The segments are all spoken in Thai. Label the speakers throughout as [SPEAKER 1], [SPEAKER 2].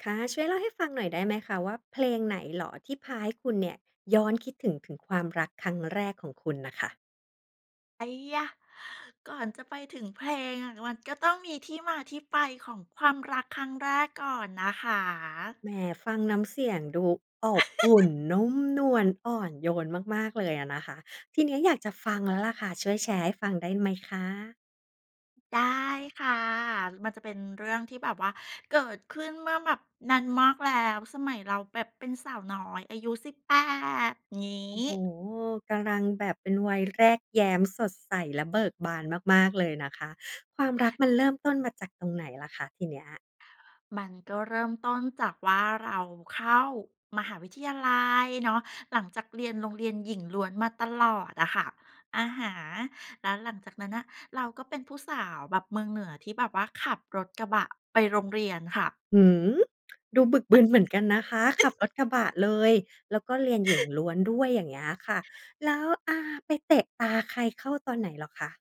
[SPEAKER 1] ค่ะ ช่วยเล่าให้ฟังหน่อยได้ไหมคะว่า เพลงไหนเหรอที่พาให้คุณเนี่ย ย้อนคิดถึง ถึงความรักครั้งแรกของคุณน่ะค่ะ?
[SPEAKER 2] ไอ้หยา! ก่อนจะไปถึงเพลงอะ มันก็ต้องมีที่มาที่ไปของความรักครั้งแรกก่อนนะคะ
[SPEAKER 1] แหม! ฟังน้ำเสียงดูอบอุ่น นุ่มนวล อ่อนโยนมาก ๆ เลยอะนะคะ ทีนี้อยากจะฟังแล้วล่ะค่ะ ช่วยแชร์ให้ฟังได้ไหมคะ?
[SPEAKER 2] ได้ค่ะ มันจะเป็นเรื่องที่แบบว่า เกิดขึ้นเมื่อแบบนานมากแล้ว สมัยเราแบบเป็นสาวน้อยอายุ 18 งี
[SPEAKER 1] โอ
[SPEAKER 2] ้
[SPEAKER 1] ้โฮ! กำลังแบบเป็นวัยแรกแย้ม สดใสและเบิกบานมาก ๆ เลยนะคะ ความรักมันเริ่มต้นมาจากตรงไหนล่ะคะ ทีเนี้ย?
[SPEAKER 2] มันก็เริ่มต้นจากว่า เราเข้ามหาวิทยาลัยเนาะ หลังจากเรียนโรงเรียนหญิงล้วนมาตลอดอะค่ะ อะฮะ แล้วหลังจากนั้นน่ะ เราก็เป็นผู้สาวแบบเมืองเหนือที่แบบว่าขับรถกระบะไปโรงเรียนค่ะ
[SPEAKER 1] หือ ดูบึกบึนเหมือนกันนะคะ ขับรถกระบะเลย แล้วก็เรียนหญิงล้วนด้วย อย่างเงี้ยค่ะ แล้ว อา ไปเตะตาใครเข้าตอนไหนเหรอคะ?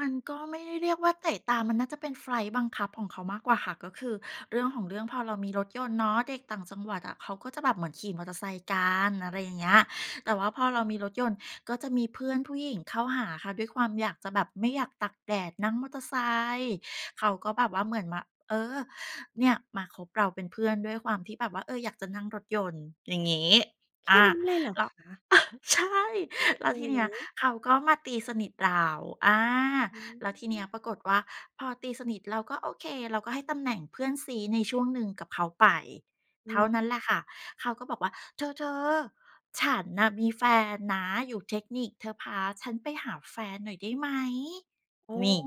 [SPEAKER 2] มันก็ไม่ได้เรียกว่าเตะตา มันน่าจะเป็นไฟต์บังคับของเขามากกว่าค่ะ ก็คือเรื่องของเรื่องพอเรามีรถยนต์เนาะ เด็กต่างจังหวัดอะเขาก็จะแบบเหมือนขี่มอเตอร์ไซค์กัน อะไรอย่างเงี้ย แต่ว่าพอเรามีรถยนต์ ก็จะมีเพื่อนผู้หญิงเข้าหาค่ะ ด้วยความอยากจะแบบ ไม่อยากตากแดดนั่งมอเตอร์ไซค์ เขาก็แบบว่าเหมือนมา เออ เนี่ยมาคบเราเป็นเพื่อนด้วยความที่แบบว่า เออ อยากจะนั่งรถยนต์ อย่างงี้
[SPEAKER 1] แค
[SPEAKER 2] อ
[SPEAKER 1] ่
[SPEAKER 2] า
[SPEAKER 1] นี้เลยเหรอ
[SPEAKER 2] แล้ว
[SPEAKER 1] ค
[SPEAKER 2] เ
[SPEAKER 1] ะ?
[SPEAKER 2] ออ ใช่
[SPEAKER 1] อือ
[SPEAKER 2] แล้ว
[SPEAKER 1] อื
[SPEAKER 2] ที
[SPEAKER 1] อ
[SPEAKER 2] เน
[SPEAKER 1] ฮ
[SPEAKER 2] ี้ย
[SPEAKER 1] ึ
[SPEAKER 2] เขาก็มาตีสนิทเรา อา
[SPEAKER 1] อื
[SPEAKER 2] แล้วทีเนี้ย
[SPEAKER 1] ม
[SPEAKER 2] ปรากฏว่า พอตีสนิทเรา ก็โอเค เราก็ให้ตำแหน่งเพื่อนซี้ในช่วงหนึ่งกับเขาไป
[SPEAKER 1] อื
[SPEAKER 2] เท่า
[SPEAKER 1] ม
[SPEAKER 2] นั้นแหละค่ะ เขาก็บอกว่า "เธอ ๆ ฉันน่ะมีแฟนนะอยู่เทคนิค เธอพาฉันไปหาแฟนหน่อยได้ไหม?"
[SPEAKER 1] โอ้
[SPEAKER 2] นี่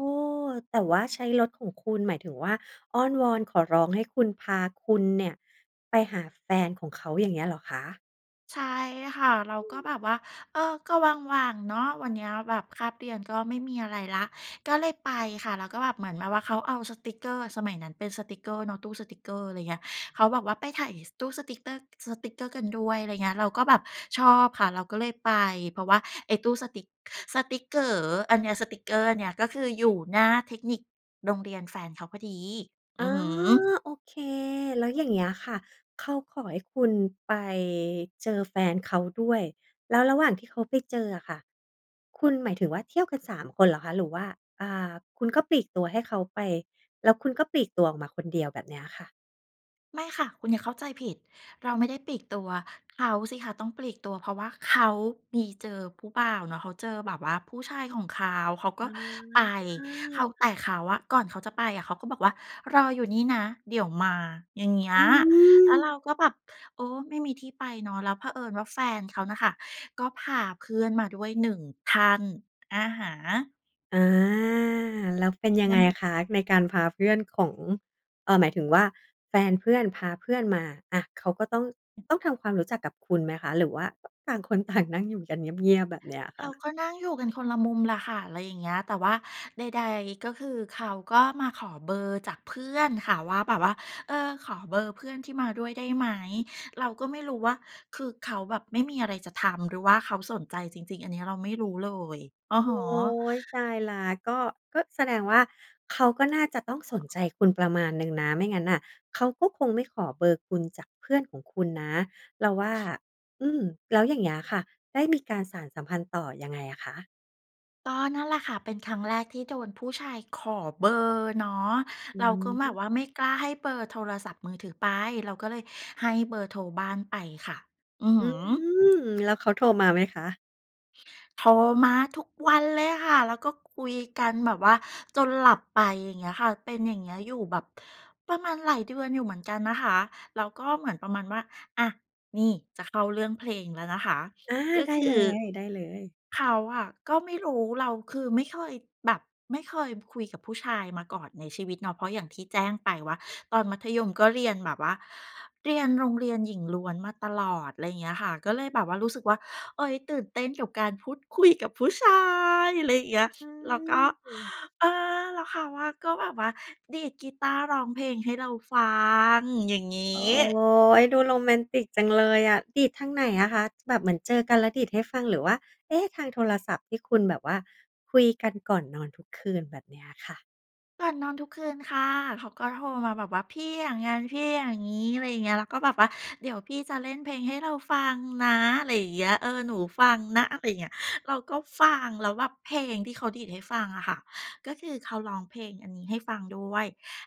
[SPEAKER 1] แต่ว่าใช้รถของคุณ หมายถึงว่าอ้อนวอนขอร้องให้คุณ พาคุณเนี่ยไปหาแฟนของเขา อย่างเงี้ยเหรอคะ?
[SPEAKER 2] ใช่ค่ะ เรา
[SPEAKER 1] อื
[SPEAKER 2] ก็
[SPEAKER 1] ม
[SPEAKER 2] แบบว่า เออ ก็ว่าง ๆ เนาะ วันเนี้ยแบบคาบเรียนก็ไม่มีอะไรแล้ว ก็เลยไปค่ะ แล้วก็แบบ เหมือนแบบว่าเขาเอาสติกเกอร์ สมัยนั้นเป็นสติกเกอร์เนาะ ตู้สติกเกอร์ อะไรเงี้ย เขาบอกว่าไปถ่าย ส ตู้สติกเตอร์ สติกเกอร์กันด้วย อะไรเงี้ย เราก็แบบชอบค่ะ เราก็เลยไป เพราะว่าไอ้ตู้สติก สติกเก๋ออันเนี้ย สติกเกอร์อันเนี้ย ก็คืออยู่หน้าเทคนิค โรงเรียนแฟนเขาพอดี
[SPEAKER 1] อ
[SPEAKER 2] อื
[SPEAKER 1] า
[SPEAKER 2] อฮึ
[SPEAKER 1] โอเค แล้วอย่างเงี้ยค่ะ เขาขอให้คุณไปเจอแฟนเขาด้วย แล้วระหว่างที่เขาไปเจออะค่ะ คุณ หมายถึงว่าเที่ยวกัน 3 คนเหรอคะ? หรือว่า อ่า คุณก็ปลีกตัวให้เขาไป แล้วคุณก็ปลีกตัวออกมาคนเดียวแบบเนี้ยอะค่ะ?
[SPEAKER 2] ไม่ค่ะ คุณอย่าเข้าใจผิด เราไม่ได้ปลีกตัว เขาสิคะต้องปลีกตัว เพราะว่าเขามี เจอผู้บ่าวเนาะ เขาเจอแบบว่าผู้ชายของเขา เขาก
[SPEAKER 1] อื
[SPEAKER 2] ็ไป เขา
[SPEAKER 1] ม
[SPEAKER 2] แต่เขาอะ ก่อนเขาจะไปอะ เขาก็บอกว่า รออยู่นี่นะเดี๋ยวมา อย่างเงี้ย
[SPEAKER 1] อื
[SPEAKER 2] แล้วเรา
[SPEAKER 1] ม
[SPEAKER 2] ก็แบบ เออ ไม่มีที่ไปเนาะ แล้วเผอิญว่าแฟนเขาน่ะค่ะ ก็พาเพื่อนมาด้วยหนึ่งท่าน อะฮะ
[SPEAKER 1] อา แล้วเป็นยังไงคะ? ในการพาเพื่อนของ เอ่อ หมายถึงว่า แฟนเพื่อนพาเพื่อนมา อะ เขาก็ต้อง
[SPEAKER 2] อืม
[SPEAKER 1] ต้องทำความรู้จักกับคุณไหมคะ? หรือว่า ต่างคน ต่าง นั่งอยู่กันเงียบ ๆ แบบเนี้ยอะค
[SPEAKER 2] เ
[SPEAKER 1] ่
[SPEAKER 2] รา
[SPEAKER 1] ะ?
[SPEAKER 2] ก็นั่งอยู่กันคนละมุมล่ะค่ะ อะไรอย่างเงี้ย แต่ว่าใด ๆ ก็คือ เขาก็มาขอเบอร์จากเพื่อนค่ะว่า แบบว่า เออ "ขอเบอร์เพื่อนที่มาด้วยได้ไหม?" เราก็ไม่รู้ว่า คือเขาแบบไม่มีอะไรจะทำ หรือว่าเขาสนใจจริง ๆ อันนี้เราไม่รู้เลย อะ
[SPEAKER 1] โอ
[SPEAKER 2] ฮ
[SPEAKER 1] ๊
[SPEAKER 2] ะ
[SPEAKER 1] ย ตายแล้ว ก็ ก็แสดงว่า เขาก็น่าจะต้องสนใจคุณประมาณหนึ่งนะ ไม่งั้นน่ะเขาก็คงไม่ขอเบอร์คุณจากเพื่อนของคุณนะเราว่า อืม แล้วอย่างเงี้ยค่ะ ได้มีการสานสัมพันธ์ต่อยังไงอะคะ?
[SPEAKER 2] ก็นั่นแหละค่ะ เป็นครั้งแรกที่โดนผู้ชายขอเบอร์เนาะ
[SPEAKER 1] อ
[SPEAKER 2] เราก็แบบ
[SPEAKER 1] ืม
[SPEAKER 2] ว่าไม่กล้าให้เบอร์โทรศัพท์มือถือไป เราก็เลยให้เบอร์โทรบ้านไปค่ะ อือฮ
[SPEAKER 1] อื
[SPEAKER 2] ึ
[SPEAKER 1] ม แล้วเขาโทรมาไหมคะ?
[SPEAKER 2] โทรมาทุกวันเลยค่ะ แล้วก็คุยกันแบบว่าจนหลับไป อย่างเงี้ยค่ะ เป็นอย่างเงี้ยอยู่แบบประมาณหลายเดือนอยู่เหมือนกันนะคะ แล้วก็เหมือนประมาณว่า อะ นี่ จะเข้าเรื่องเพลงแล้วนะคะ
[SPEAKER 1] อา
[SPEAKER 2] ก็
[SPEAKER 1] ได้
[SPEAKER 2] ค
[SPEAKER 1] เ
[SPEAKER 2] ื
[SPEAKER 1] ล
[SPEAKER 2] อ
[SPEAKER 1] ย ได้เลย
[SPEAKER 2] เขาอะก็ไม่รู้ เรา คือไม่เคยแบบ ไม่เคยคุยกับผู้ชายมาก่อนในชีวิตเนาะ เพราะอย่างที่แจ้งไปว่า ตอนมัธยมก็เรียนแบบว่า เรียนโรงเรียนหญิงล้วนมาตลอด ไรเงี้ยค่ะ ก็เลยแบบว่ารู้สึกว่า เฮ้ย ตื่นเต้นกับการพูด คุย กับผู้ชาย อะไรเงี้
[SPEAKER 1] อ
[SPEAKER 2] ย
[SPEAKER 1] ะ อื
[SPEAKER 2] แล้วก็
[SPEAKER 1] ม
[SPEAKER 2] เออ แล้วเขาอะก็แบบว่าดีดกีตาร์ร้องเพลงให้เราฟัง อย่างงี
[SPEAKER 1] โอ๊
[SPEAKER 2] ้
[SPEAKER 1] ย ดูโรแมนติกจังเลยอะ ดีดทางไหนอะคะ? แบบเหมือนเจอกันแล้วดีดให้ฟัง หรือว่า เอ๊ะ! ทางโทรศัพท์ที่คุณแบบว่าคุยกันก่อนนอนทุกคืน แบบเนี้ยค่ะ
[SPEAKER 2] ก่อนนอนทุกคืนค่ะ เขาก็โทรมาแบบว่า "พี่อย่างงั้น พี่อย่างงี้" อะไรอย่างเงี้ย แล้วก็บอกว่า "เดี๋ยวพี่จะเล่นเพลงให้เราฟังนะ" ไรอย่างเงี้ย เออ "หนูฟังนะ" อะไรเงี้ย เราก็ฟัง แล้วแบบเพลงที่เขาดีดให้ฟังอะค่ะ ก็คือเขาร้องเพลงอันนี้ให้ฟังด้วย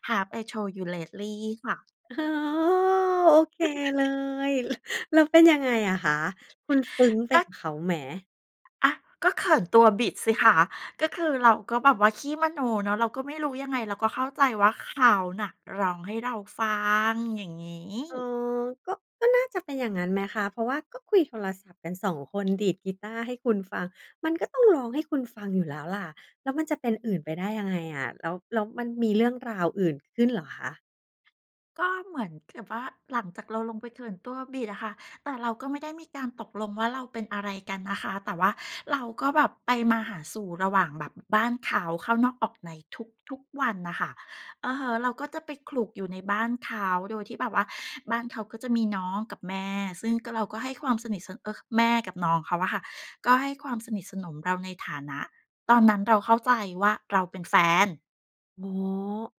[SPEAKER 2] Have I Told You Lately ค่ะ
[SPEAKER 1] อ๋อ โอเคเลย แล้วเป็นยังไงอะคะ? คุณซึ้งไป
[SPEAKER 2] ก
[SPEAKER 1] ก
[SPEAKER 2] ็
[SPEAKER 1] ับเขาไหม?
[SPEAKER 2] อะ ก็เขินตัวบิดสิคะ ก็คือเราก็แบบว่าขี้มโนเนาะ เราก็ไม่รู้ยังไง เราก็เข้าใจว่า เขาน่ะร้องให้เราฟัง อย่างงี
[SPEAKER 1] อ๋อ
[SPEAKER 2] ้
[SPEAKER 1] ก็ ก็น่าจะเป็นอย่างงั้นไหมคะ? เพราะว่าก็คุยโทรศัพท์กัน 2 คน ดีดกีตาร์ให้คุณฟัง มันก็ต้องร้องให้คุณฟังอยู่แล้วล่ะ แล้วมันจะเป็นอื่นไปได้ยังไงอะ?แล้ว แล้วมันมีเรื่องราวอื่นขึ้นเหรอคะ?
[SPEAKER 2] ก็เหมือนกับว่า หลังจากเราลงไปเขินตัวบิดอะค่ะ แต่เราก็ไม่ได้มีการตกลงว่า เราเป็นอะไรกันนะคะ แต่ว่าเราก็แบบไปมาหาสู่ระหว่างแบบ อ บ้านเขา เข้านอกออกในทุก ๆ วันน่ะค่ะ อือฮึ เราก็จะไปขลุกอยู่ในบ้านเขา โดยที่แบบว่าบ้านเขาก็จะมีน้องกับแม่ ซึ่งก็ เราก็ให้ความสนิท ส เอ่อ ค แม่กับน้องเขาอะค่ะ ก็ให้ความสนิทสนมเราในฐานะ ตอนนั้นเราเข้าใจว่า เราเป็น แฟน
[SPEAKER 1] อ๋อ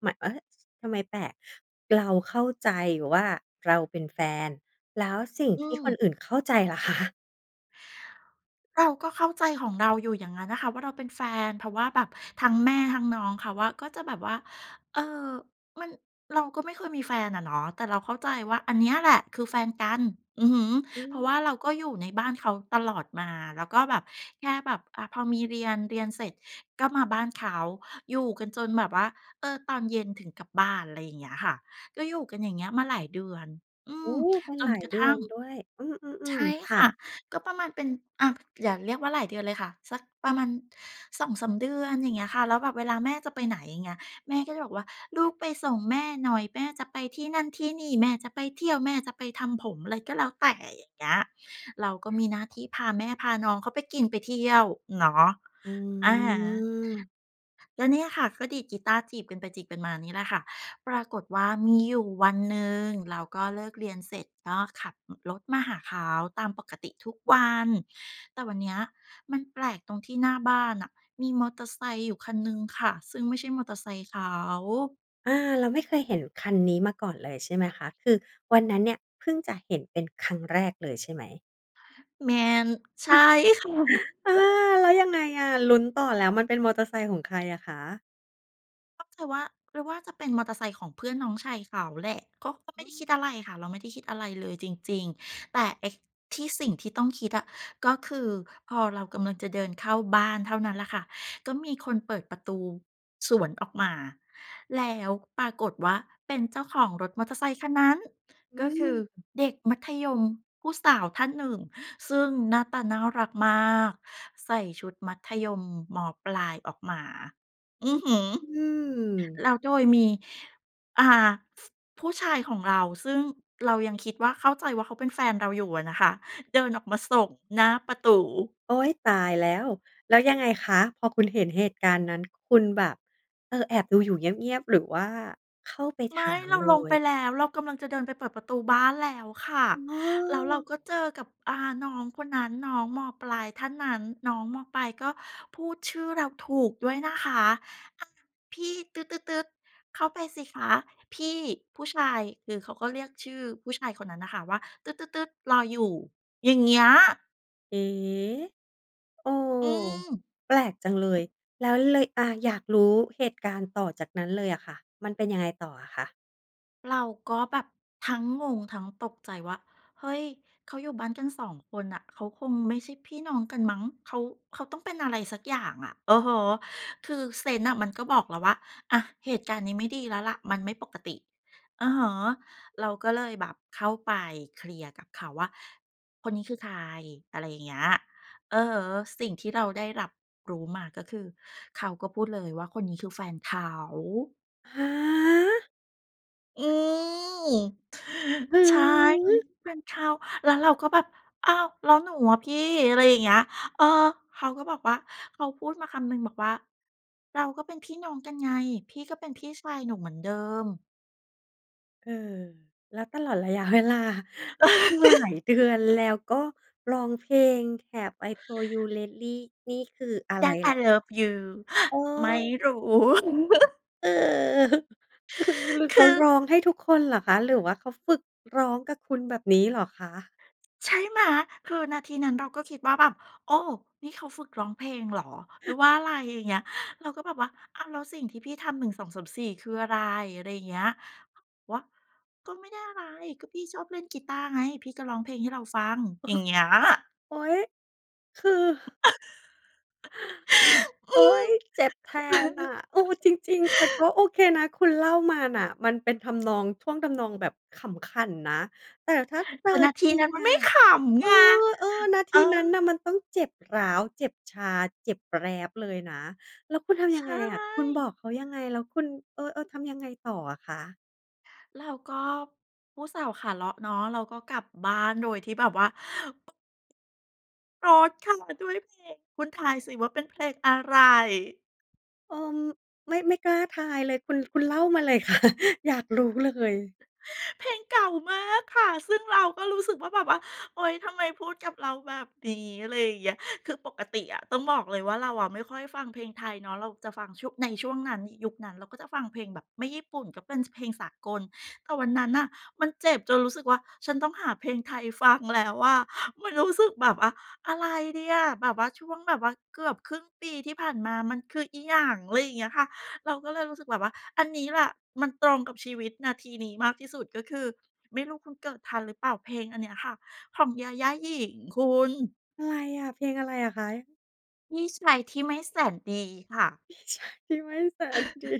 [SPEAKER 1] หมะ เฮ้ย! ทำไมแปลก เราเข้าใจว่า เราเป็นแฟน แล้วสิ่ง
[SPEAKER 2] อื
[SPEAKER 1] ที่คน
[SPEAKER 2] ม
[SPEAKER 1] อื่นเข้าใจล่ะ คะ?
[SPEAKER 2] เราก็เข้าใจของเราอยู่อย่างนั้นน่ะค่ะว่า เราเป็นแฟน เพราะว่าแบบทั้งแม่ทั้งน้องเขาอะ ก็จะแบบว่า เอ่อ มัน เราก็ไม่เคยมีแฟนอะเนาะ แต่เราเข้าใจว่าอันเนี้ยแหละ คือแฟนกัน อือฮึ
[SPEAKER 1] อื
[SPEAKER 2] เพราะว่า
[SPEAKER 1] ม
[SPEAKER 2] เราก็อยู่ในบ้านเขาตลอดมา แล้วก็แบบแค่แบบ อ่า พอมีเรียน เรียนเสร็จก็มาบ้านเขา อยู่กันจนแบบว่า เออ ตอนเย็นถึงกลับบ้าน อะไรอย่างเงี้ยค่ะ ก็อยู่กันอย่างเงี้ยมาหลายเดือน อื
[SPEAKER 1] โอ้
[SPEAKER 2] ม
[SPEAKER 1] เป็น
[SPEAKER 2] จ
[SPEAKER 1] หล
[SPEAKER 2] น
[SPEAKER 1] าย
[SPEAKER 2] กระ
[SPEAKER 1] เดื
[SPEAKER 2] ท
[SPEAKER 1] อ
[SPEAKER 2] ั่
[SPEAKER 1] น
[SPEAKER 2] ง
[SPEAKER 1] ด้วย อื
[SPEAKER 2] ใช
[SPEAKER 1] ม
[SPEAKER 2] ่
[SPEAKER 1] ๆ ๆ ค
[SPEAKER 2] ค
[SPEAKER 1] ่ะ
[SPEAKER 2] ่ะ ก็ประมาณเป็น อะ อย่าเรียกว่าหลายเดือนเลยค่ะ สักประมาณ 2-3 เดือน อย่างเงี้ยค่ะ แล้วแบบเวลาแม่จะไปไหน อย่างเงี้ย แม่ก็บอกว่า "ลูกไปส่งแม่หน่อย แม่จะไปที่นั่นที่นี่ แม่จะไปเที่ยว แม่จะไปทำผม" อะไรก็แล้วแต่ อย่างเงี้ย เราก็มีหน้าที่พาแม่พาน้องเขาไปกินไปเที่ยวเนาะ
[SPEAKER 1] อื
[SPEAKER 2] อะฮะ
[SPEAKER 1] ม
[SPEAKER 2] ก็เนี่ยค่ะ ก็ดีดกีตาร์จีบกันไปจีบกันมานี่แหละค่ะ ปรากฏว่ามีอยู่วันหนึ่ง เราก็เลิกเรียนเสร็จ ก็ขับ อ รถมาหาเขาตามปกติทุกวัน แต่วันเนี้ย มันแปลกตรงที่หน้าบ้านน่ะ มีมอเตอร์ไซค์อยู่คันหนึ่งค่ะ ซึ่งไม่ใช่มอเตอร์ไซค์เขา
[SPEAKER 1] อา เราไม่เคยเห็นคันนี้มาก่อนเลยใช่ไหมคะ? คือวันนั้นเนี่ย เพิ่งจะเห็นเป็นครั้งแรกเลยใช่ไหม?
[SPEAKER 2] แม่น ใช่ ค่ะ
[SPEAKER 1] เออ แล้วยังไงอะ? ลุ้นต่อ แล้วมันเป็นมอเตอร์ไซค์ของใครอะคะ?
[SPEAKER 2] ก็คือว่า หรือว่าจะเป็นมอเตอร์ไซค์ของเพื่อนน้องชายเขาแหละ ก็ ก็ไม
[SPEAKER 1] อ
[SPEAKER 2] ่
[SPEAKER 1] ื
[SPEAKER 2] ได้คิด
[SPEAKER 1] ม
[SPEAKER 2] อะไรค่ะ เราไม่ได้คิดอะไรเลยจริง ๆ แต่ไอ้ที่ สิ่งที่ต้องคิดอะ ก็คือพอเรากำลังจะเดินเข้าบ้านเท่านั้นล่ะค่ะ ก็มีคนเปิดประตูสวนออกมา แล้วปรากฏว่าเป็นเจ้าของรถมอเตอร์ไซค์ คันนั้น
[SPEAKER 1] อ
[SPEAKER 2] ก็
[SPEAKER 1] ื
[SPEAKER 2] คือ
[SPEAKER 1] ม
[SPEAKER 2] เด็กมัธยมผู้สาวท่านหนึ่ง ซึ่งหน้าตาน่ารักมาก ใส่ชุดมัธยม ม.ปลายออกมา
[SPEAKER 1] อ
[SPEAKER 2] อ
[SPEAKER 1] ื
[SPEAKER 2] ื
[SPEAKER 1] อ
[SPEAKER 2] อฮึ
[SPEAKER 1] อืม
[SPEAKER 2] แล้วโดยมี อ่า ฟ ผู้ชายของเรา ซึ่งเรายังคิดว่า เข้าใจว่าเขาเป็นแฟนเราอยู่อะนะคะ เดินออกมาส่งหน้าประตู
[SPEAKER 1] โอ๊ย! ตายแล้ว แล้วยังไงคะ? พอคุณเห็นเหตุการณ์นั้น คุณแบบ เออ แอบดูอยู่เงียบ ๆ หรือว่าเข้าไป
[SPEAKER 2] ไ
[SPEAKER 1] ถ
[SPEAKER 2] ม่
[SPEAKER 1] าม
[SPEAKER 2] เรา
[SPEAKER 1] เล
[SPEAKER 2] ลงไป
[SPEAKER 1] ย?
[SPEAKER 2] แล้ว เรากำลังจะเดินไปเปิดประตูบ้านแล้วค่ะ
[SPEAKER 1] อ้
[SPEAKER 2] แล้วเรา
[SPEAKER 1] อ
[SPEAKER 2] ก็เจอกับ อ่า น้องคนนั้น น้อง ม.ปลายท่านนั้น น้อง ม.ปลายก็พูดชื่อเราถูกด้วยนะคะ "อ้าว พี่ ตึ๊ด ๆ ๆ เข้าไปสิคะ พี่ผู้ชาย" คือเขาก็เรียกชื่อผู้ชายคนนั้นน่ะค่ะ ว่า "ตื๊ด ๆ ๆ รออยู่" อย่างเงี้ย
[SPEAKER 1] เอ๊ เออ
[SPEAKER 2] อืม
[SPEAKER 1] แปลกจังเลย แล้วเลย อะ อยากรู้เหตุการณ์ต่อจากนั้นเลยอะค่ะ มันเป็นยังไงต่ออะคะ?
[SPEAKER 2] เราก็แบบทั้งงงทั้งตกใจว่า เฮ้ย เขาอยู่บ้านกัน 2 คนน่ะ เขาคงไม่ใช่พี่น้องกันมั้ง เขา เขาต้องเป็นอะไรสักอย่างอะ อือฮึ คือเซนส์น่ะมันก็บอกแล้วว่า อะ เหตุการณ์นี้ไม่ดีแล้วล่ะ มันไม่ปกติ อือฮึ เราก็เลยแบบเข้าไปเคลียร์กับเขาว่า "คนนี้คือใคร?" อะไรอย่างเงี้ย อือฮึ สิ่งที่เราได้รับรู้มา ก็คือเขาก็พูดเลยว่า "คนนี้ คือ แฟนเขา"
[SPEAKER 1] ฮะ
[SPEAKER 2] อืม
[SPEAKER 1] อื
[SPEAKER 2] ใช
[SPEAKER 1] อ
[SPEAKER 2] ่ เฮ
[SPEAKER 1] ฮ
[SPEAKER 2] ้ย
[SPEAKER 1] ึ
[SPEAKER 2] แฟนเขา แล้วเราก็แบบ "อ้าว แล้วหนูอะพี่?" อะไรอย่างเงี้ย เออ เขาก็บอกว่า เขาพูดมาคำหนึ่งบอกว่า "เราก็เป็นพี่น้องกันไง พี่ก็เป็นพี่ชายหนูเหมือนเดิม"
[SPEAKER 1] เออ แล้วตลอดระยะ เวลา หลายเดือน แล้วก็ร้องเพลง Have I told you lately นี่คืออะไร
[SPEAKER 2] That
[SPEAKER 1] ล
[SPEAKER 2] I
[SPEAKER 1] ่ะ?
[SPEAKER 2] love you
[SPEAKER 1] เอ
[SPEAKER 2] ไม่
[SPEAKER 1] อ
[SPEAKER 2] รู้
[SPEAKER 1] เออ คือ เขา
[SPEAKER 2] คือ
[SPEAKER 1] ร้องให้ทุกคนเหรอคะ? หรือว่าเขาฝึกร้องกับคุณ แบบนี้เหรอคะ?
[SPEAKER 2] ใช่ไหม? คือนาทีนั้นเราก็คิดว่าแบบ โอ้! นี่เขาฝึกร้องเพลงเหรอ? หรือว่าอะไร? อย่างเงี้ย เราก็แบบว่า "อ้าว แล้วสิ่งที่พี่ทำ 1 2 3 4 คืออะไร?" อะไรอย่างเงี้ย เขาวะ "ก็ไม่ได้อะไร ก็พี่ชอบเล่นกีตาร์ไง พี่ก็ร้องเพลงให้เราฟัง"
[SPEAKER 1] อือ
[SPEAKER 2] อย
[SPEAKER 1] ฮ
[SPEAKER 2] ่า
[SPEAKER 1] ึ
[SPEAKER 2] งเงี้ย
[SPEAKER 1] โอ๊ย! คือ
[SPEAKER 2] อ
[SPEAKER 1] โอ
[SPEAKER 2] ื
[SPEAKER 1] ๊
[SPEAKER 2] ม
[SPEAKER 1] ย! เจ็บแทนน่ะ เออ จริง ๆ แต่ก็โอเคนะ คุณเล่ามาน่ะ มันเป็นทำนอง ช่วงทำนองแบบขำขันนะ แต่ถ้าเจ
[SPEAKER 2] แ
[SPEAKER 1] อ
[SPEAKER 2] ต่นาที
[SPEAKER 1] จริ
[SPEAKER 2] นั้
[SPEAKER 1] ง
[SPEAKER 2] นมัน
[SPEAKER 1] อ
[SPEAKER 2] ไม
[SPEAKER 1] ะ
[SPEAKER 2] ่ขำ
[SPEAKER 1] เอ
[SPEAKER 2] ไ
[SPEAKER 1] อ
[SPEAKER 2] ง
[SPEAKER 1] เออ นาท
[SPEAKER 2] เอ
[SPEAKER 1] ีนั้
[SPEAKER 2] อ
[SPEAKER 1] นน่ะมันต้องเจ็บร้าว เจ็บชา เจ็บแปล๊บเลยนะ แล้วคุณทำ
[SPEAKER 2] ใ
[SPEAKER 1] ย
[SPEAKER 2] ช
[SPEAKER 1] ังไงอะ? คุณบอ
[SPEAKER 2] ่
[SPEAKER 1] กเขายังไง? แล้วคุณ เออ ๆ ทำยังไงต่ออะคะ?
[SPEAKER 2] เราก็ผู้สาวขาเลาะเนาะ เราก็กลับบ้าน โดยที่แบบว่า [unintelligible] เข้ามาด้วยเพลง คุณทายสิว่าเป็นเพลงอะไร?
[SPEAKER 1] เออ ไม่ ไม่กล้าทายเลย คุณ คุณเล่ามาเลย ค่ะ อยากรู้เลย
[SPEAKER 2] เพลงเก่ามากค่ะ ซึ่งเราก็รู้สึกว่า แบบว่า โอ๊ย ทำไมพูดกับเราแบบนี้ อะไรอย่างเงี้ย คือปกติอะต้องบอกเลยว่า เราอะไม่ค่อยฟังเพลงไทยเนาะ เราจะฟังช่วง ในช่วงนั้น ย ยุคนั้น เราก็จะฟังเพลงแบบไม่ญี่ปุ่นก็เป็น ส เพลงสากล แต่วันนั้นน่ะมันเจ็บจนรู้สึกว่า ฉันต้องหาเพลงไทยฟังแล้วอะ มันรู้สึกแบบว่า อะไรดีอะ แบบว่าช่วงแบบว่าเกือบครึ่งปีที่ผ่านมามันคืออิหยัง? อะไรอย่างเงี้ยค่ะ เราก็เลยรู้สึกแบบว่า อันนี้แหละมันตรงกับชีวิตนาทีนี้มากที่สุด ก็คือ ไม่รู้คุณเกิดทันหรือเปล่า เพลงอันเนี้ยค่ะ ของญาญ่าญิ๋ง คุณ
[SPEAKER 1] อะไรอะ เพลงอะไรอะคะ?
[SPEAKER 2] พี่ชายที่ไม่แสนดีค่ะ
[SPEAKER 1] พี่ชายไม่แสนดี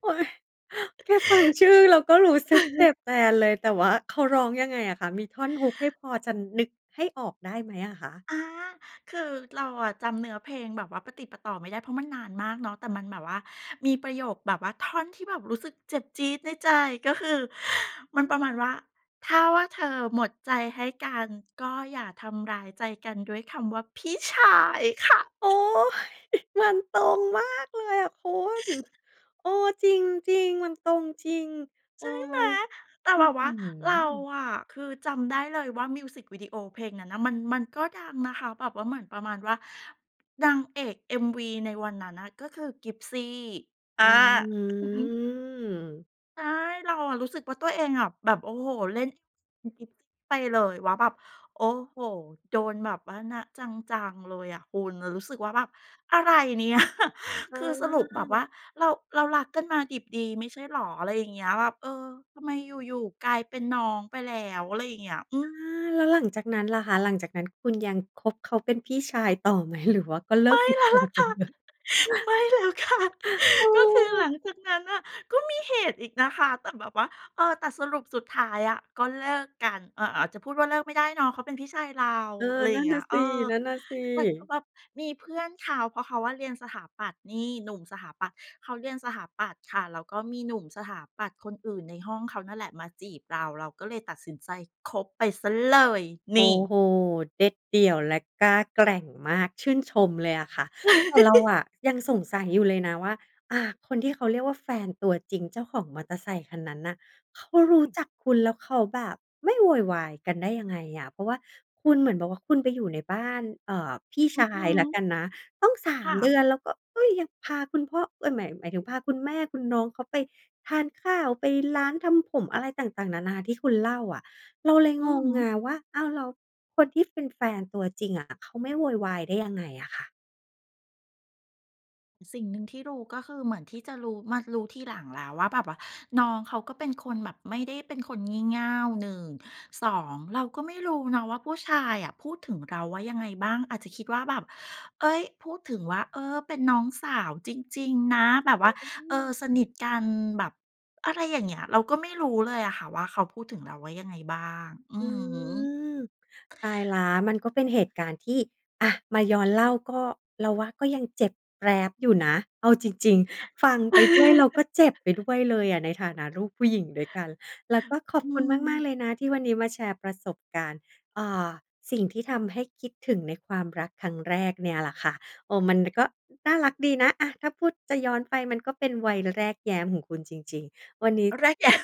[SPEAKER 1] โอ๊ย แค่ฟังชื่
[SPEAKER 2] ค
[SPEAKER 1] อ
[SPEAKER 2] ื
[SPEAKER 1] เ
[SPEAKER 2] อ
[SPEAKER 1] ราก็รู้สึกเจ็บแทนเลย แต่ว่าเขาร้องยังไงอะคะ? มีท่อน Hook ให้พอจะนึกให้ออกได้ไหมอะคะ?
[SPEAKER 2] อา คือเราอะจำเนื้อเพลงแบบว่าปะติดปะต่อไม่ได้ เพราะมันนานมากเนาะ แต่มันแบบว่ามีประโยคแบบว่า ท่อนที่แบบรู้สึกเจ็บจี๊ดในใจ ก็คือมันประมาณว่า "ถ้าว่าเธอหมดใจให้กัน ก็อย่าทำร้ายใจกันด้วยคำว่า พี่ชาย" ค่ะ
[SPEAKER 1] โอ๊ย มันตรงมากเลยอะคุณ เออ จริง ๆ มันตรงจริง โ
[SPEAKER 2] ใ
[SPEAKER 1] อ
[SPEAKER 2] ช
[SPEAKER 1] ๊
[SPEAKER 2] ่ไหม
[SPEAKER 1] ย อ
[SPEAKER 2] แต่
[SPEAKER 1] ื
[SPEAKER 2] แ
[SPEAKER 1] ้
[SPEAKER 2] บ
[SPEAKER 1] อ
[SPEAKER 2] บ
[SPEAKER 1] ฮ
[SPEAKER 2] ว่
[SPEAKER 1] ื
[SPEAKER 2] าเรา
[SPEAKER 1] อ
[SPEAKER 2] อะคือจำได้เลยว่า มิวซิกวิดีโอเพลงนั้นน่ะ มัน มันก็ดังนะคะ แบบว่า เหมือนประมาณว่า นางเอก MV ในวันนั้นน่ะ ก็คือกิ๊บซี่ เออ
[SPEAKER 1] อื
[SPEAKER 2] อือฮึ
[SPEAKER 1] ม
[SPEAKER 2] ใช่ เราอะรู้สึกว่า ตัวเองอะแบบ โอ้โฮ เล่น ไปเลยว่าแบบ โอ้โฮ โดนแบบว่านะ จัง ๆ เลยอะคุณ เรารู้สึกว่าแบบ อะไร เนี่ย
[SPEAKER 1] เ
[SPEAKER 2] คือสรุปแบบว่
[SPEAKER 1] ออ
[SPEAKER 2] าเรา เรารักกันมาดิบดีไม่ใช่เหรอ? อะไรอย่างเงี้ย แบบ เออ ทำไมอยู่ ๆ กลายเป็นน้องไปแล้ว อะไรอย่างเงี้ย อื
[SPEAKER 1] อา
[SPEAKER 2] ม
[SPEAKER 1] แล้วหลังจากนั้นล่ะคะ? หลังจากนั้น คุณยัง คบเขาเป็นพี่ชายต่อไหม? หรือว่าก็เลิ
[SPEAKER 2] ไม
[SPEAKER 1] ก
[SPEAKER 2] ่
[SPEAKER 1] ติด
[SPEAKER 2] แล้ว
[SPEAKER 1] ต่อ
[SPEAKER 2] ล่ะ
[SPEAKER 1] ไป
[SPEAKER 2] ค่ะ
[SPEAKER 1] เลย?
[SPEAKER 2] ไม่แล้วค่ะ
[SPEAKER 1] เ
[SPEAKER 2] ก็คือห
[SPEAKER 1] ออ
[SPEAKER 2] ลังจากนั้นน่ะ ก็มีเหตุอีกนะคะ แต่แบบว่า เออ แต่สรุป สุดท้ายอะก็เลิกกัน อ๋อ ๆ จะพูดว่าเลิกไม่ได้เนาะ เขาเป็นพี่ชายเรา
[SPEAKER 1] เออ
[SPEAKER 2] อะไรอ
[SPEAKER 1] น
[SPEAKER 2] ย
[SPEAKER 1] ั
[SPEAKER 2] ่
[SPEAKER 1] ่
[SPEAKER 2] าง
[SPEAKER 1] น
[SPEAKER 2] เง
[SPEAKER 1] น่
[SPEAKER 2] ี้
[SPEAKER 1] ะ
[SPEAKER 2] ย เ
[SPEAKER 1] ส
[SPEAKER 2] อ
[SPEAKER 1] ิ
[SPEAKER 2] อ
[SPEAKER 1] นั่นน่ะสิ
[SPEAKER 2] แต่ก็แบบมีเพื่อนเขา เพราะเขาอะเรียนสถาปัตย์ นี่ หนุ่มสถาปัตย์ เขาเรียนสถาปัตย์ค่ะ แล้วก็มีหนุ่มสถาปัตย์คนอื่นในห้องเขานั่นแหละมาจีบเรา เราก็เลยตัดสินใจคบไป ซะเลย
[SPEAKER 1] โ
[SPEAKER 2] น
[SPEAKER 1] อ้
[SPEAKER 2] ี่!
[SPEAKER 1] โฮ เด็ดเดี่ยวและกล้าแกร่งมาก ชื่นชมเลยอะค่ะ แต่เราอะยัง สงสัยอยู่เลยนะว่า อา คนที่เขาเรียกว่า แฟนตัวจริง เจ้าของมอเตอร์ไซค์คันนั้นน่ะ เขารู้จักคุณแล้วเขาแบบไม่โวยวายกันได้ยังไงอะ? เพราะว่าคุณเหมือนบอกว่า คุณไปอยู่ในบ้าน เออ พี่
[SPEAKER 2] อ
[SPEAKER 1] ช
[SPEAKER 2] ือ
[SPEAKER 1] า
[SPEAKER 2] ฮ
[SPEAKER 1] ยละ
[SPEAKER 2] ึ
[SPEAKER 1] กันนะ ตั้ง สา
[SPEAKER 2] ค่
[SPEAKER 1] ม เด
[SPEAKER 2] ะ
[SPEAKER 1] ือน แล้วก็ เฮ้ย ยังพาคุณพ่อ เอ๊ย หมาย หมายถึงพาคุณแม่คุณน้องเขาไปทานข้าว ไปร้านทำผมอะไรต่าง ๆ นานา ที่คุณเล่าอะ เราเลย
[SPEAKER 2] อื
[SPEAKER 1] ง
[SPEAKER 2] อ
[SPEAKER 1] ง
[SPEAKER 2] ฮ
[SPEAKER 1] ไ
[SPEAKER 2] ึ
[SPEAKER 1] งว่า อ้าว แล้วคนที่เป็นแฟนตัวจริงอะเขาไม่โวยวายได้ยังไงอะค่ะ
[SPEAKER 2] สิ่งหนึ่งที่รู้ ก็คือเหมือนที่จะรู้ มารู้ทีหลังแล้วว่า แบบว่าน้องเขาก็เป็นคนแบบไม่ได้เป็นคนงี่เง่า 1 2 เราก็ไม่รู้เนาะว่า ผู้ชายอะพูดถึงเราว่ายังไงบ้าง อาจจะคิดว่าแบบ เฮ้ย พูดถึงว่า เออ เป็นน้องสาวจริง ๆ นะ แบบว่า
[SPEAKER 1] อื
[SPEAKER 2] เออ สน
[SPEAKER 1] ม
[SPEAKER 2] ิทกัน แบบอะไรอย่างเงี้ย เราก็ไม่รู้เลยอะค่ะ ว่าเขาพูดถึงเราว่ายังไงบ้าง อื
[SPEAKER 1] อื
[SPEAKER 2] อฮึ
[SPEAKER 1] ม ตายแล้ว มันก็เป็นเหตุการณ์ที่ อะ มาย้อนเล่าก็ เราว่าก็ยังเจ็บแปล๊บอยู่นะ เอาจริง ๆ ฟังไปด้วยเราก็เจ็บไปด้วยเลยอะ ในฐานะลูกผู้หญิงด้วยกัน แล้วก็ขอ
[SPEAKER 2] อ
[SPEAKER 1] บ
[SPEAKER 2] ื
[SPEAKER 1] คุณมา
[SPEAKER 2] ม
[SPEAKER 1] ก ๆ เลยนะที่วันนี้มาแชร์ประสบการณ์ อ่า สิ่งที่ทำให้คิดถึงในความรักครั้งแรกเนี่ยล่ะค่ะ เออ มันก็น่ารักดีนะ อะ ถ้าพูด จะย้อนไปมันก็เป็นวัยแรกแย้มของคุณจริง ๆ วันนี้
[SPEAKER 2] แรก แย้ม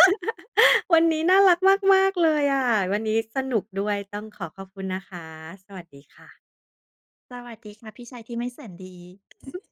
[SPEAKER 1] วันนี้น่ารักมาก ๆ เลยอะ วันนี้สนุกด้วย ต้องขอขอบคุณนะคะ สวัสดีค่ะ
[SPEAKER 2] สวัสดีค่ะ พี่ชายที่ไม่แสนดี